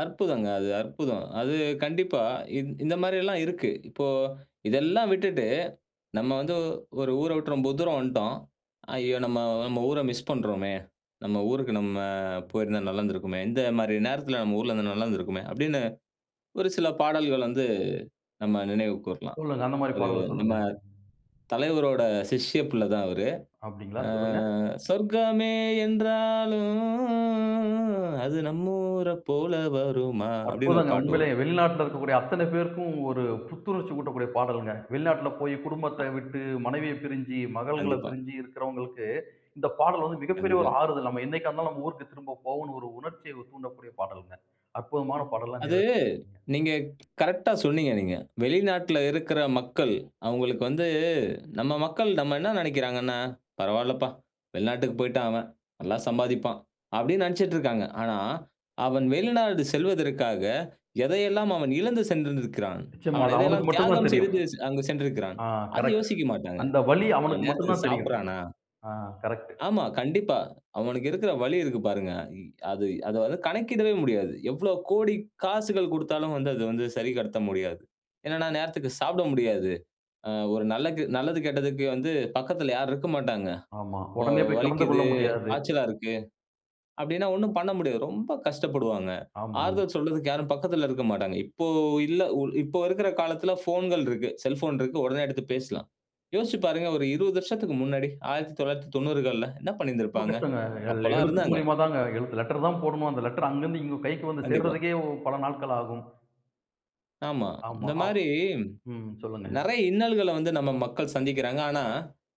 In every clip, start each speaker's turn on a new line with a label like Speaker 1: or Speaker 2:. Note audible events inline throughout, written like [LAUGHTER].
Speaker 1: அற்புதங்க. அது அற்புதம். அது கண்டிப்பா இந் இந்த மாரி எல்லாம் இருக்கு. இப்போ, இதெல்லாம் விட்டுட்டு நம்ம வந்து ஒரு ஊரை விட்டு ரொம்ப தூரம் வந்துடோம். "ஐயோ! நம்ம, நம்ம ஊர மிஸ் பண்றோமே. நம்ம ஊருக்கு நம்ம போயிருந்தா நல்லா இருந்திருக்குமே. இந்த மாரி நேரத்துல நம்ம ஊர்ல இருந்தா நல்லா இருந்திருக்குமே!" அப்படின்னு ஒரு சில பாடல்கள் வந்து நம்ம நினைவுக்கு வரலாம்.
Speaker 2: சொல்லுங்க. அந்த மாரி
Speaker 1: அது,
Speaker 2: பாடல
Speaker 1: நம்ம
Speaker 2: சொல்லுங்க?
Speaker 1: தலைவரோட சிஷ்ய புள்ளதான் அவரு.
Speaker 2: அப்படீங்களா,
Speaker 1: அ,
Speaker 2: சொல்லுங்க.
Speaker 1: "சொர்க்கமே என்றாலும் அது நம்ம ஊர போல வருமா?" அப்படின்னு ஒரு
Speaker 2: அற்புதங்க.
Speaker 1: பாட்டு
Speaker 2: உண்மைலே
Speaker 1: வரும்.
Speaker 2: வெளிநாட்டில இருக்கக்கூடிய அத்தனை பேருக்கும் ஒரு புத்துணர்ச்சி ஊட்டக்கூடிய பாடல்ங்க. வெளிநாட்டில போய், குடும்பத்த
Speaker 1: அ,
Speaker 2: விட்டு, மனைவிய பிரிஞ்சு, மகள்களைப்
Speaker 1: கண்டிப்பா.
Speaker 2: பிரிஞ்சி இருக்கறவங்களுக்கு இந்தப் பாடல் வந்து மிகப்பெரிய
Speaker 1: கண்டிப்பா.
Speaker 2: ஒரு ஆறுதல். நம்ம என்னைக்கா இருந்தாலும், நம்ம ஊருக்குத் திரும்பப் போவோனு ஒரு உணர்ச்சிய தூண்டக்கூடிய பாடல்ங்க. அற்புதமான பாடல்லாம்
Speaker 1: அது
Speaker 2: நேர்
Speaker 1: நீங்க
Speaker 2: [UNINTELLIGIBLE]
Speaker 1: கரெக்டா சொன்னீங்க நீங்க. வெளிநாட்டுல இருக்குற மக்கள் அவுங்களுக்கு வந்து, நம்ம மக்கள் நம்ம என்ன நெனைக்குறாங்கன்னா, "பரவால்லப்பா வெளிநாட்டுக்கு போயிட்டான் அவன். நல்லா சம்பாதிப்பான்." அப்படின்னு நெனைச்சுட்டு இருக்காங்க. ஆனா அவன் வெளிநாடு செல்வதற்காக, எதையெல்லாம் அவன் இழந்து சென்றிருந்திக்கிறான்.
Speaker 2: நிச்சயமா.
Speaker 1: அவன்
Speaker 2: அது அவனுக்கு
Speaker 1: எதையெல்லாம்
Speaker 2: மட்டுந்தான்
Speaker 1: தியாகம்
Speaker 2: தெரியும்.
Speaker 1: செய்து அங்கு சென்றிருக்கிறான்.
Speaker 2: ஆ,
Speaker 1: அத
Speaker 2: கரெக்ட்.
Speaker 1: யோசிக்க மாட்டாங்க.
Speaker 2: அந்த வலி
Speaker 1: அவன்
Speaker 2: அவனுக்கு மட்டுந்தான்
Speaker 1: நேரத்துக்குச்
Speaker 2: தெரியும்.
Speaker 1: சாப்பிட்றானா?
Speaker 2: ஆ, கரெக்ட்.
Speaker 1: ஆமா. கண்டிப்பா. அவனுக்கு இருக்குற வலி இருக்கு பாருங்க. இ அது அதை வந்து கணக்கிடவே முடியாது. எவ்வளவு கோடி காசுகள் கொடுத்தாலும் வந்து அது வந்து சரி கட்ட முடியாது. என்னனா, நேரத்துக்கு சாப்பிட முடியாது. அ, ஒரு நல்லகு நல்லது கெட்டதுக்கு வந்து பக்கத்துல யாரும் இருக்க மாட்டாங்க.
Speaker 2: ஆமா.
Speaker 1: ஓ,
Speaker 2: உடனே போய் கலந்து கொள்ள
Speaker 1: வலிக்குது,
Speaker 2: முடியாது.
Speaker 1: காச்சலா இருக்கு, அப்படின்னா ஒண்ணும் பண்ண முடியாது. ரொம்ப கஷ்டப்படுவாங்க. ஆறுதல்
Speaker 2: ஆமாங்க.
Speaker 1: சொல்றதுக்கு யாரும் பக்கத்துல இருக்க மாட்டாங்க. இப்போ இல்ல. இப்போ இருக்குற காலத்துல ஃபோன்கள் இருக்கு. செல்போன் இருக்கு. உடனே எடுத்துப் பேசலாம். யோசிச்சு பாருங்க ஒரு 20 வருஷத்துக்கு முன்னாடி 1990கள்ல என்ன பண்ணி
Speaker 2: ரொம்ப
Speaker 1: இருந்திருப்பாங்க.
Speaker 2: கஷ்டங்க. அது அதுல
Speaker 1: அப்பல்லாம்
Speaker 2: எழுத்து
Speaker 1: இருந்தாங்க.
Speaker 2: மூலியமாதாங்க. எழுத்து லெட்டர் தான் போடணும். அந்த லெட்டர் அங்கருந்து இங்க கைக்கு வந்து
Speaker 1: கண்டிப்பா.
Speaker 2: சேர்றதுக்கே பல நாட்கள் ஆகும்.
Speaker 1: ஆமா.
Speaker 2: ஆமா.
Speaker 1: இந்த
Speaker 2: அவ்
Speaker 1: மாரி
Speaker 2: ம், சொல்லுங்க.
Speaker 1: நெறையா இன்னல்கள வந்து நம்ம மக்கள் சந்திக்கிறாங்க. ஆனா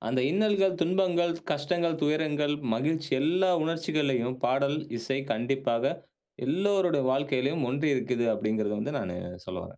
Speaker 1: அந்த இன்னல்கள், துன்பங்கள், கஷ்டங்கள், துயரங்கள், மகிழ்ச்சி எல்லா உணர்ச்சிகளையும் பாடல், இசை கண்டிப்பாக எல்லோருடைய வாழ்க்கையிலும் ஒன்றி இருக்குது, அப்படிங்கிறத வந்து நானு சொல்ல வரேன்.